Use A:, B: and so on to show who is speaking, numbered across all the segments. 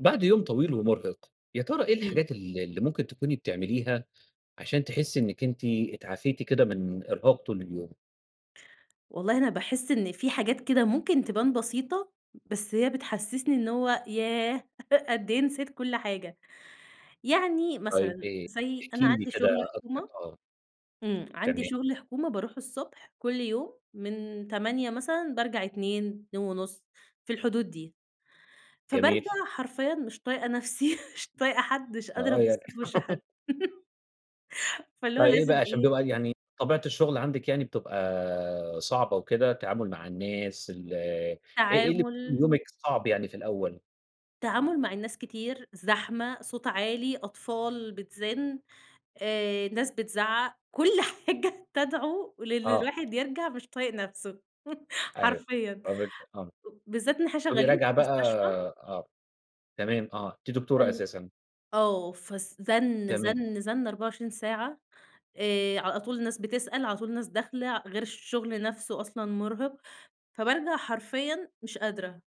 A: بَعد يوم طويل ومرهِق، يا ترى إيه
B: امم.
A: الحاجات ال اللي ممكن تكوني بتعمليها عشان تحسّي إنك أنتِ اتعافيتِ كده من إرهاق طول اليوم؟
B: والله أنا باحس إن في حاجات كده ممكن تبان بسيطة، بس هي بتحسّسني إن هو ياه! قد إيه نسيت كل حاجة. يعني
A: طيب
B: مثلًا
A: إيه؟
B: زي
A: احكِ
B: أنا
A: لي
B: عندي
A: كده
B: شغل
A: أكتر،
B: حكومة
A: آه.
B: امم، عندي
A: تمام.
B: شغل حكومة باروح الصبح كل يوم من 08:00 مثلًا بارجع 14:00، 14:30 في الحدود دي.
A: جميل.
B: فبارجَع حرفيًا مش طايقة نفْسي مش طايقة حد، مش قادرة
A: آه
B: أبُصّ
A: يعني
B: في وِش حد. فاللي هو
A: فإيه بقى
B: لازم
A: عشان
B: إيه
A: بيبقى يعني طبيعة الشغل عندِك، يعني بتبقى صعبة وكده؟ التعامل مع الناس ال إيه إيه، اللي بيكون في
B: تعامُل
A: يومِك صعب يعني في الأول؟
B: تعامُل مع الناس كتير، زحمة، صوت عالي، أطفال بتزِن، آآ، ناس بتزعّق كل حاجة تدعو لإن
A: آه.
B: الواحد يرجَع مش طايق نفْسه
A: أيوه،
B: حرفيًا.
A: طَب أنتِ آه.
B: بالذات إن إحنا
A: تقومي
B: شغالين
A: راجعة
B: في
A: بقى
B: مستشفى.
A: آه تمام آه أنتِ دكتورة
B: فال
A: أساسًا.
B: آه فالس زن،
A: تمام.
B: زن، زن 24 ساعة آآ، على طول الناس بتسأل، على طول ناس داخلة غير الشغل نفْسه أصلًا مرهِق، فبارجَع حرفيًا مش قادرة،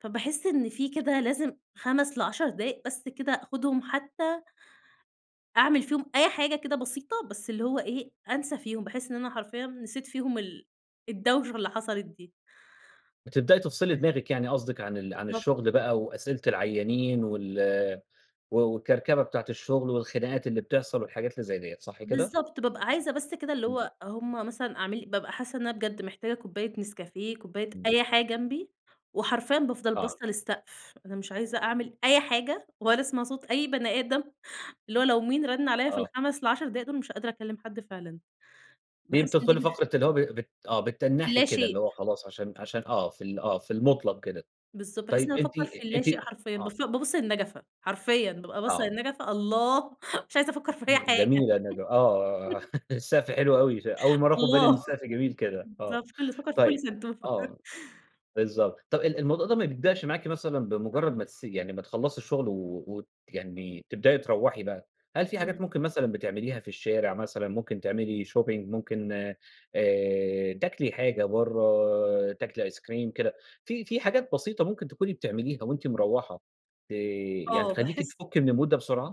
B: فباحس إن في كده لازم 5 ل10 دقايق بس كده آخُدهم حتى أعمل فيهم أي حاجة كده بسيطة، بس اللي هو إيه، أنسى فيهم بحيث إن أنا حرفيًا نسيت فيهم ال الدوشة اللي حصَلِت دي.
A: بتبدئي تفصِلي دماغِك يعني قصدِك عن ال عن
B: بالضبط.
A: الشغل بقى وأسئلة العيّانين وال و والكركبة بتاعة الشغل، والخناقات اللي بتحصَل والحاجات اللي زي ديّة، صح كده؟
B: بالضبط، بابقى عايزة بس كده اللي
A: إمم.
B: هو هُم مثلًا أعمل بابقى حاسة إن أنا بجد محتاجة كوباية نسكافيه، كوباية
A: إمم.
B: أي حاجة جنبي وحرفيًا بافضَل
A: آه.
B: باصة للسقف، أنا مش عايزة أعمل أي حاجة ولا أسمَع صوت أي بني أدم اللي هو لو مين رَن عليّا في
A: آه.
B: ال5 ال10 دول، مش قادرة أكلّم حد فعلًا.
A: دي
B: باحس إن دي
A: بتدخُلي
B: [unintelligible]
A: فقرة اللي هو ب بت آه بتتّنحي
B: اللا
A: كده اللي
B: شئ.
A: هو خلاص عشان عشان آه، في ال آه، في المُطلَق كده.
B: بالضبط، بحيث إن
A: طيب أنتِ
B: أفكّر في اللا
A: أنتِ
B: شئ حرفيًا،
A: آه.
B: باف بابص للنجفة، حرفيًا بابقى باصّة
A: آه.
B: للنجفة الله! مش عايزة أفكر في أي
A: امم
B: حاجة
A: جميلة النج آه، آه، السقف حلو أوي، ش أول مرَّة آخُد بالي إن
B: الله،
A: السقف جميل كده، آه،
B: بالضبط، [unintelligible] بافكّر في كل
A: طيب
B: سنتوفة.
A: آه، بالضبط. طَب ال الموضوع ده ما بيبدأش معاكِ مثلًا بمجرّد ما تس يعني ما تخلّصي الشغل و ويعني تبدئي تروّحي بقى، هل في حاجات
B: إمم.
A: ممكن مثلًا بتعمليها في الشارع، مثلًا ممكن تعملي shopping ممكن آآ، تاكلي حاجة برَّه، تاكلي أيس كريم كده. في في حاجات بسيطة ممكن تكوني بتعمليها وأنتِ مروّحة، ت يعني
B: آه
A: تخلّيكِ
B: باحس
A: تفُكّي من المود ده بسرعة؟